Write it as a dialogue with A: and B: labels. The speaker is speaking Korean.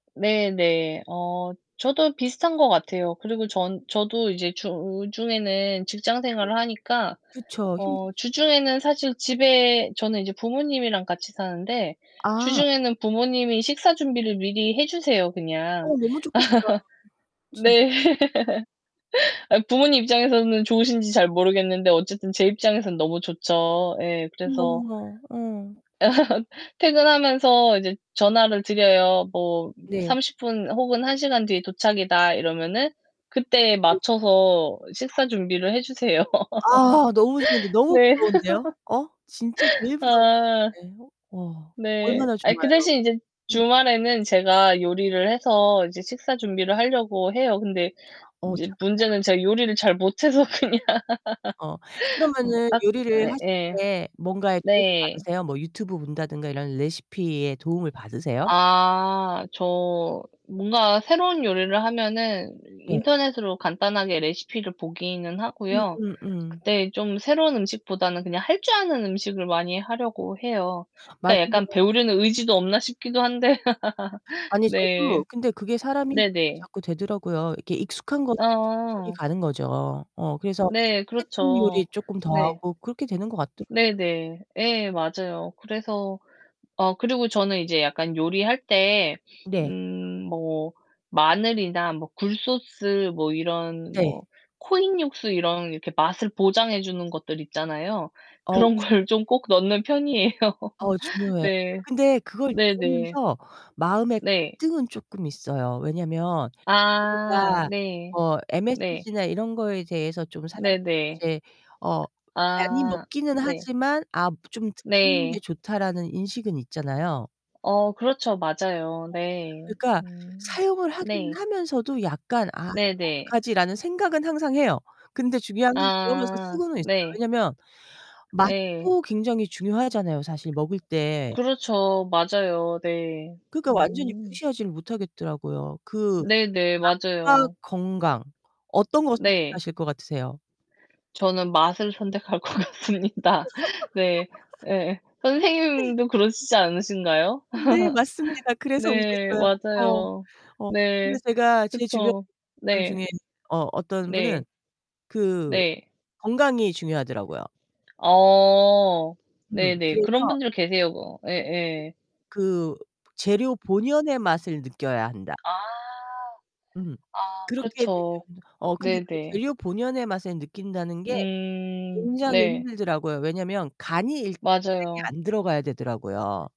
A: 네네. 어 저도 비슷한 것 같아요. 그리고 전 저도 이제 주중에는 직장
B: 네.
A: 생활을 하니까
B: 그쵸.
A: 어
B: 힘들죠.
A: 주중에는 사실 집에 저는 이제 부모님이랑 같이 사는데
B: 아.
A: 주중에는 부모님이 식사 준비를 미리 해 주세요, 그냥.
B: 어 너무 좋겠다, 진짜.
A: 네. 부모님 입장에서는 좋으신지 잘 모르겠는데 어쨌든 제 입장에서는 너무 좋죠. 예. 그래서
B: 너무나. 어.
A: 퇴근하면서 이제 전화를 드려요. 뭐
B: 네.
A: "30 분 혹은 1 시간 뒤에 도착이다." 이러면은 그때
B: [unintelligible]
A: 맞춰서 식사 준비를 해 주세요.
B: 아. 너무 좋은데. 너무
A: 네.
B: 부러운데요. 어 진짜 제일 부러운
A: 아
B: 것 같아. 와.
A: 네.
B: 얼마나
A: 아이 그
B: 좋아요.
A: 대신 이제
B: 음.
A: 주말에는 제가 요리를 해서 이제 식사 준비를 하려고 해요. 근데
B: 어
A: 이제
B: 착하다.
A: 문제는 제가 요리를 잘 못해서 그냥
B: 어 그러면은
A: 앗.
B: 요리를 하실
A: 예예.
B: 때 뭔가에 도움을
A: 네.
B: 받으세요? 뭐 유튜브 본다던가 이런 레시피에 도움을 받으세요?
A: 아 저 뭔가 새로운 요리를 하면은
B: 네.
A: 인터넷으로 간단하게 레시피를 보기는 하고요.
B: 음음음.
A: 근데 좀 새로운 음식보다는 그냥 할 줄 아는 음식을 많이 하려고 해요. 그러니까
B: 맛있는
A: 약간
B: 거.
A: '배우려는 의지도 없나?' 싶기도 한데.
B: 아니, 저도
A: 네.
B: 근데 그게 사람이 그렇게
A: 네네.
B: 자꾸 되더라고요. 익숙한 것에 자꾸 손이
A: 어.
B: 가는 거죠. 어 그래서
A: 네.
B: 했던 요리
A: 그렇죠.
B: 쪼끔 더
A: 네.
B: 하고 그렇게 되는 것 같더라고요.
A: 네네. 예. 맞아요. 그래서 어 그리고 저는 이제 약간 요리할 때
B: 네.
A: 음 뭐 마늘이나 뭐 굴소스 뭐 이런
B: 네.
A: 뭐 코인 육수 이런 이렇게 맛을 보장해 주는 것들 있잖아요.
B: 어우.
A: 그런 걸 좀
B: 중요한데.
A: 꼭 넣는 편이예요.
B: 어 중요해요.
A: 네.
B: 근데 그걸
A: 네네.
B: 먹으면서 마음의
A: 네.
B: 갈등은 쪼끔 있어요. 왜냐하면
A: 아
B: 우리가
A: 네.
B: 뭐
A: 네.
B: MSG나 이런 거에 대해서 좀 사람들이
A: 네네.
B: 이제 어 많이
A: 아
B: 먹기는
A: 네.
B: 하지만 아 좀 '덜 먹는 게
A: 네.
B: 좋다.'라는 인식은 있잖아요.
A: 어 그렇죠. 맞아요.
B: 어.
A: 네.
B: 그러니까
A: 음
B: 사용을 하긴
A: 네.
B: 하면서도 약간 '아 이거
A: 네네.
B: 어떡하지?' 라는 생각은 항상 해요. 근데 중요한 건 그러면서
A: 아
B: 쓰고는 있어요.
A: 네.
B: 왜냐하면
A: 예.
B: 맛도 굉장히 중요하잖아요, 사실 먹을 때.
A: 그렇죠. 맞아요. 네.
B: 그러니깐 완전히
A: 음.
B: 무시하지 못하겠더라고요. 그
A: 네네.
B: 맛과
A: 맞아요.
B: 건강 어떤 걸
A: 네.
B: 선택하실 것 같으세요?
A: 저는 맛을 선택할 것 같습니다. 네. 예. 선생님도 그러시지 않으신가요?
B: 네. 맞습니다. 그래서
A: 네.
B: 웃었어요. 어.
A: 맞아요.
B: 어. 근데
A: 네.
B: 제가 제 주변
A: 그쵸.
B: 사람
A: 네.
B: 중에 어 어떤 분은
A: 네.
B: 그
A: 네.
B: 건강이 중요하더라고요.
A: 어
B: 음.
A: 네네.
B: 그래서
A: 그런 분들 계세요. 그 예예.
B: 그 재료 본연의 맛을 느껴야 한다.
A: 아.
B: 음.
A: 아
B: 그렇게
A: 그렇죠.
B: 되면 어 근데 그
A: 네네.
B: 재료 본연의 맛을 느낀다는 게
A: 음
B: 굉장히
A: 네.
B: 힘들더라고요. 왜냐하면 간이 일단 세게
A: 맞아요.
B: 안 들어가야 되더라고요.